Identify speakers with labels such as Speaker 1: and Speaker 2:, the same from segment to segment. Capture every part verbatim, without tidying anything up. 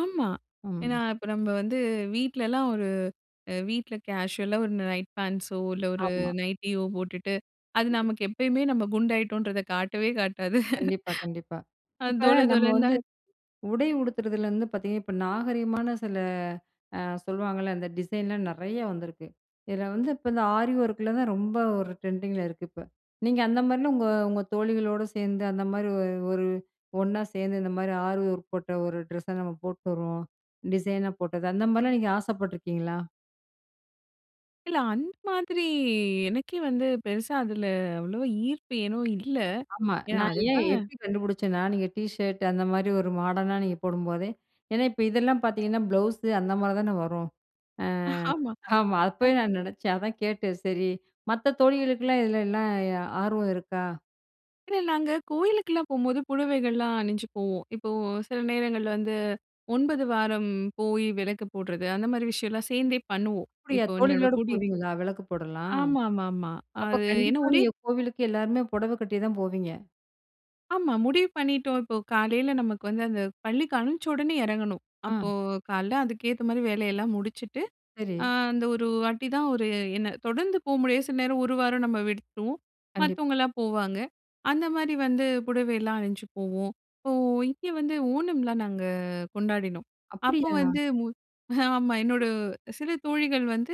Speaker 1: ஆமா.
Speaker 2: ம்.
Speaker 1: ஏன்னா, இப்போ நம்ம வந்து வீட்லலாம் ஒரு, அ வீட்ல கேஷுவலா ஒரு நைட் பேண்ட்ஸோ இல்ல ஒரு
Speaker 2: ஆமா.
Speaker 1: நைட்டியோ போட்டுட்டு அது
Speaker 2: கண்டிப்பா.
Speaker 1: நமக்கு எப்பயுமே நம்ம குண்டாயிட்டோம்ன்றத காட்டவே காட்டாது.
Speaker 2: கண்டிப்பா. கண்டிப்பா.
Speaker 1: அது
Speaker 2: இப்போ,
Speaker 1: தொல
Speaker 2: நம்ம
Speaker 1: தொலனு
Speaker 2: வந்து
Speaker 1: தான்.
Speaker 2: உடை உடுத்துறதுலேருந்து பார்த்தீங்கன்னா, இப்போ நாகரீகமான சில ஆ சொல்வாங்கல்ல அந்த டிசைன்லாம் நிறைய வந்திருக்கு. இதில வந்து, இப்போ இந்த ஆரி ஓர்க்ல தான் ரொம்ப ஒரு ட்ரெண்டிங்கில இருக்கு இப்ப. நீங்க அந்த மாதிரிலாம் உங்க உங்க தோழிகளோடு சேர்ந்து அந்த மாதிரி ஒரு ஒரு ஒண்ணா சேர்ந்து, இந்த மாரி ஆரி வொர்க் போட்ட ஒரு ட்ரெஸ்ஸை நம்ம போட்டு வருவோம், டிசைனா போட்டது அந்த மாதிரிலாம் நீங்க ஆசைப்பட்டுருக்கீங்களா?
Speaker 1: இல்ல. அந்த மாதிரி எனக்கே வந்து பெருசா அதில அவ்வளோவா ஈர்ப்பு ஏனோ இல்ல.
Speaker 2: ஆமா.
Speaker 1: ஏன்னா
Speaker 2: நான் ஏன்?
Speaker 1: அதுக்கெல்லாம்.
Speaker 2: எப்படி கண்டுபிடிச்சேன்னா, நீங்க டீ ஷர்ட் அந்த மாதிரி ஒரு மாடர்னா நீங்க போடும்போதே ஏன்னா இப்ப இதெல்லாம் பார்த்தீங்கன்னா, ப்ளவுஸு அந்த மாதிரி தானே வரும், ஆ.
Speaker 1: ஆமா.
Speaker 2: ஆமா.
Speaker 1: அ.
Speaker 2: அப்பவே நான் நினைச்சேன் அதான் கேட்டேன், சரி மத்த தோழிகளுக்கெல்லாம் இதில எல்லாம் எ ஆர்வம் இருக்கா?
Speaker 1: இல்ல, நாங்க கோயிலுக்கெல்லாம் போகும்போது புடவைகள்லாம் அணிஞ்சு போவோம். இப்போ சில நேரங்கள் வந்து ஒன்பது வாரம் போய் விளக்கு போடுறது, அந்த மாதிரி விஷயம்லாம் சேர்ந்தே பண்ணுவோம்,
Speaker 2: அப்படியா?
Speaker 1: இப்போ என்னோட
Speaker 2: தோழிகளோடு
Speaker 1: குடிய,
Speaker 2: போவீங்களா? விளக்கு போடலாம்.
Speaker 1: ஆமா, ஆமா, ஆமா.
Speaker 2: அப்ப
Speaker 1: அது என்ன
Speaker 2: கண்டிப்பா
Speaker 1: ஒரே,
Speaker 2: நீங்க கோவிலுக்கு எல்லாருமே புடவை கட்டி தான் போவீங்க.
Speaker 1: ஆமா. முடிவு பண்ணிட்டோம், இப்போ காலையில நமக்கு வந்து அந்த பள்ளிக்கு அமிச்சி உடனே இறங்கணும்.
Speaker 2: அ.
Speaker 1: அப்போ காலையில அதுக்கேத்த மாதிரி வேலையெல்லாம் முடிச்சுட்டு, ஆ
Speaker 2: சரி.
Speaker 1: அந்த ஒரு வாட்டி தான். ஒரு என்ன தொடர்ந்து போ முடியாது, சில நேரம் ஒரு வாரம் நம்ம விட்டுடுவோம்.
Speaker 2: கண்டிப்.
Speaker 1: மத்தவங்கலாம் போவாங்க. அந்த மாதிரி வந்து புடவை எல்லாம் அணிஞ்சு போவோம். இப்போ இங்கே வந்து ஓணம்லாம் நாங்க கொண்டாடினோம். அப்போ
Speaker 2: அப்படியா?
Speaker 1: வந்து மு ஆமா என்னோட
Speaker 2: அ.
Speaker 1: சில தோழிகள் வந்து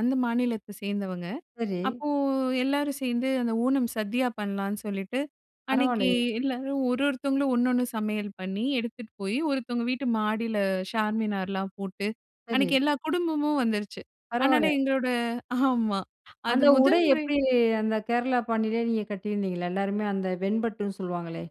Speaker 1: அந்த மாநிலத்த சேர்ந்தவங்க.
Speaker 2: சரி.
Speaker 1: அப்போ எல்லாரும் சேர்ந்து அந்த ஓணம் சதியா பண்ணலான்னு சொல்லிட்டு, அன்னைக்கு
Speaker 2: பரவாலையே!
Speaker 1: எல்லாரும் ஒரு ஒருத்தவங்களும் ஒன்னொன்னு சமையல் பண்ணி, எடுத்துட்டு போய் ஒருத்தவங்க வீட்டு மாடியில ஷார்மினார்லாம் போட்டு,
Speaker 2: சரி.
Speaker 1: அன்னிக்கு எல்லா குடும்பமும் வந்துருச்சு. அதனால
Speaker 2: பரவால!
Speaker 1: எங்களோட ஆமா. அது
Speaker 2: அந்த உடை
Speaker 1: முதல் முறை,
Speaker 2: எப்படி அந்த கேரளா பாணிலேயே நீங்க கட்டியிருந்தீங்களா? எல்லாருமே அந்த வெண்பட்டுன்னு சொல்லுவாங்களே!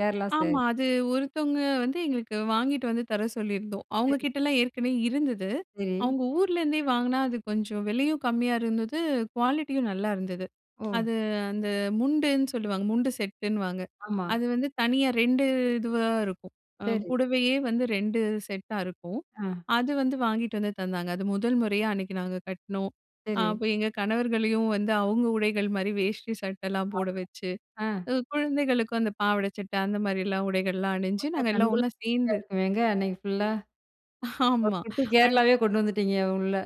Speaker 2: கேரளா
Speaker 1: ஆமா.
Speaker 2: சேரீ.
Speaker 1: அது ஒருத்தவங்க வந்து எங்களுக்கு வாங்கிட்டு வந்து தர சொல்லியிருந்தோம். அவங்க
Speaker 2: சரி.
Speaker 1: கிட்டலாம் ஏற்கனவே இருந்தது.
Speaker 2: சரி.
Speaker 1: அவங்க ஊர்லேருந்தே வாங்கினா அது கொஞ்சம் விலையும் கம்மியா இருந்தது, குவாலிட்டியும் நல்லா இருந்தது.
Speaker 2: ஓ!
Speaker 1: அது அந்த முண்டுன்னு சொல்லுவாங்க. முண்டு செட்டுன்னுவாங்க.
Speaker 2: ஆமா.
Speaker 1: அது வந்து தனியா ரெண்டு இதுவா இருக்கும்.
Speaker 2: சரி.
Speaker 1: புடவையே வந்து ரெண்டு செட்டா இருக்கும்,
Speaker 2: ஆ.
Speaker 1: அது வந்து வாங்கிட்டு வந்து தந்தாங்க. அது முதல் முறையா அன்னைக்கு நாங்க கட்னோம்.
Speaker 2: சரி.
Speaker 1: அப்போ எங்க கணவர்களையும் வந்து அவங்க உடைகள் மாதிரி வேஷ்டி சட்டைலாம்
Speaker 2: ஆமா.
Speaker 1: போட வச்சு,
Speaker 2: ஆ.
Speaker 1: குழந்தைகளுக்கும் அந்த பாவாடை சட்டை அந்த மாதிரியெல்லாம் உடைகள்லாம் அணிஞ்சு,
Speaker 2: பாக்க
Speaker 1: நாங்க எல்லாம்
Speaker 2: கண்குள்ளா
Speaker 1: ஒண்ணா
Speaker 2: காட்சியா
Speaker 1: சேர்ந்து.
Speaker 2: இருக்குமேங்க, அன்னைக்கு ஃபுல்லா. ஒரு
Speaker 1: ஆமா,
Speaker 2: குட்டி
Speaker 1: அந்.
Speaker 2: கேரளாவே கொண்டு வந்துட்டீங்க, உள்ள.